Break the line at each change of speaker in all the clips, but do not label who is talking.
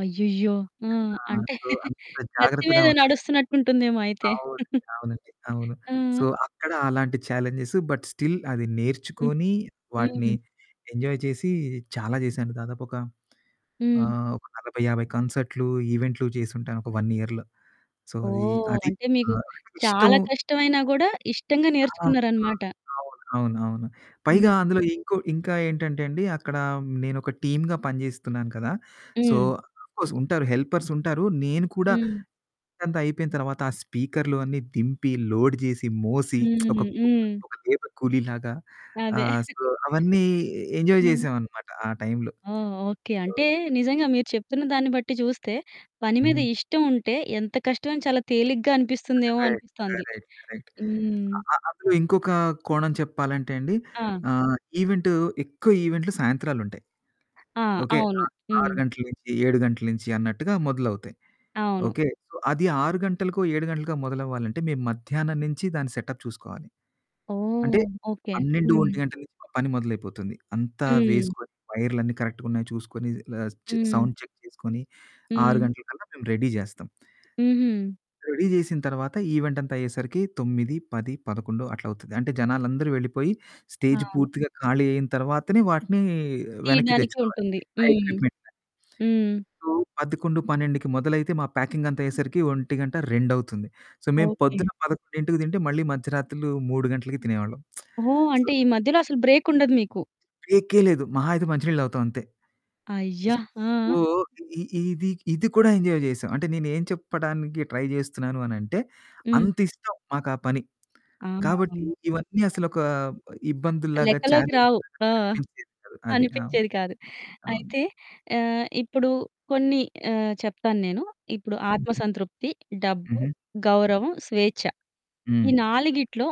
అయ్యయ్యో! ఆ!
ఆ!
అంటే
సో, అంత
కత్తి
జాగ్రత్తగా
మీద
ఉన్నాను.
నడుస్తున్నట్టుంటుందేమో అయితే.
అవును. అవునండి అవును.
ఆ!
సో, అక్కడ అలాంటి ఛాలెంజెస్. బట్ స్టిల్ అది
హ్మ్.
నేర్చుకొని వాటిని
హ్మ్.
ఎంజాయ్ చేసి చాలా చేసాను. దాదాపు ఒక
హ్మ్.
ఆహ్, ఒక 40, 50 కాన్సర్టులు, ఈవెంట్లు చేసి ఉంటాను ఒక 1 ఇయర్‌లో. సో, అది
ఓహ్!
అది
అంటే మీకు
ఆహ్, ఇష్టం
చాలా కష్టమైనా కూడా ఇష్టంగా
ఆ! ఆ!
నేర్చుకున్నారన్నమాట.
అవును అవును. అవును. అవును.
హ్మ్.
పైగా అందులో ఇంకో ఇంకా ఏంటంటే అండి. అక్కడ నేను ఒక టీమ్‌గా పనిచేస్తున్నాను కదా! సో,
హ్మ్.
ఆఫ్ కోర్స్ ఉంటారు హెల్పర్స్ ఉంటారు నేను కూడా
హ్మ్.
అక్కడంత అయిపోయిన తర్వాత, ఆ స్పీకర్లు అన్నీ దింపి లోడ్ చేసి మోసి. ఒక
హ్మ్.
కు
హ్మ్.
ఒక [unintelligible] కూలీ లాగా
అదే.
ఆహ్, సో, అవన్నీ ఎంజాయ్
హ్మ్.
చేసాం అనమాట. ఆ టైంలో.
ఓహ్! ఓకే.
ఆ!
అంటే నిజంగా మీరు చెప్తున్న దాన్ని బట్టి చూస్తే, పని మీద
హ్మ్.
ఇష్టం ఉంటే ఎంత కష్టమైన చాలా తేలిగ్గా అనిపిస్తుందేమో
కరెక్ట్
అనిపిస్తుంది.
Correct correct.
హ్మ్.
అ అందులో ఇంకొక కోణం చెప్పాలంటే అండి.
ఆ!
ఆహ్, ఈవెంట్ ఎక్కువ ఈవెంట్లు సాయంత్రాలు ఉంటాయి.
ఆ!
ఓకే.
అవును.
6
హ్మ్.
గంటల నుంచి 7 గంటల నుంచి అన్నట్టుగా మొదలవుతాయి.
అవును.
ఓకే. సో, అది 6 గంటలకో, 7 గంటలకో మొదలవ్వాలంటే మేము మధ్యాహ్నం నుంచి దాని సెటప్ చూసుకోవాలి. అంటే
ఓహ్! ఓకే.
12 ఒంటి
హ్మ్.
గంటల నుంచి మా పని మొదలైపోతుంది. అంతా
హ్మ్.
వేసుకొని, వైర్లన్నీ కరెక్ట్‌గా ఉన్నాయ చూసుకొని, ఆహ్, చ్
హ్మ్.
సౌండ్ చెక్ చేసుకొని, 6
హ్మ్.
గంటలకల్లా మేము రెడీ చేస్తాం.
హుహు.
రెడీ చేసిన తరువాత ఈవెంట్ అంతా అయ్యేసరికి 9, 10, 11 అట్లా అవుతది. అంటే జనాలందరూ వెళ్ళిపోయి స్టేజ్
అవును.
పూర్తిగా ఖాళీ అయిన తరువాతనే వాటిని వెనక్కి
తీయడానికి
తెచ్చుకోవాలి.
ఉంటుంది.
ఆ
హ్మ్.
ఎక్విప్మెంట్‌ని.
హ్మ్.
సో, 11, 12కి మొదలైతే మా ప్యాకింగ్ అంతా అయ్యేసరికి ఒంటిగంట రెండవుతుంది. సో, మేము
ఓకే.
పొద్దున 11:00కి తింటే, మళ్ళీ మధ్యరాత్రులు 3 గంటలకి తినేవాళ్ళం.
ఓహ్!
సో
అంటే ఈ మధ్యలో అసలు బ్రేకుండదు మీకు.
బ్రేకే లేదు. మహా అయితే మంచినీళ్ళు తాగుతాం అంతే.
అయ్యా! ఆ!
సో, ఇ ఇది ఇది కూడా ఎంజాయ్ చేసాం. అంటే నేను ఏం చెప్పడానికి ట్రై చేస్తున్నాను అనంటే,
హ్మ్.
అంత ఇష్టం మాకు ఆ పని.
అవును.
కాబట్టి,
అవును.
ఇవన్నీ అసలు ఒక ఇబ్బందుల్లాగా,
లెక్కలోకి
చాలెంజ్
రావు.
లాగా
ఆ!
కనిపించేది కాదు అది.
అనిపించేది కాదు.
అవును.
అయితే ఆహ్, ఇప్పుడు కొన్ని ఆహ్, చెప్తాను నేను. ఇప్పుడు ఆత్మ
హుహు.
సంతృప్తి, డబ్బు,
హుహు.
గౌరవం, స్వేచ్ఛ ఈ
హ్మ్.
నాలుగిట్లో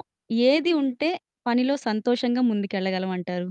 ఏది ఉంటే, పనిలో సంతోషంగా ముందుకెళ్ళగలం అంటారు?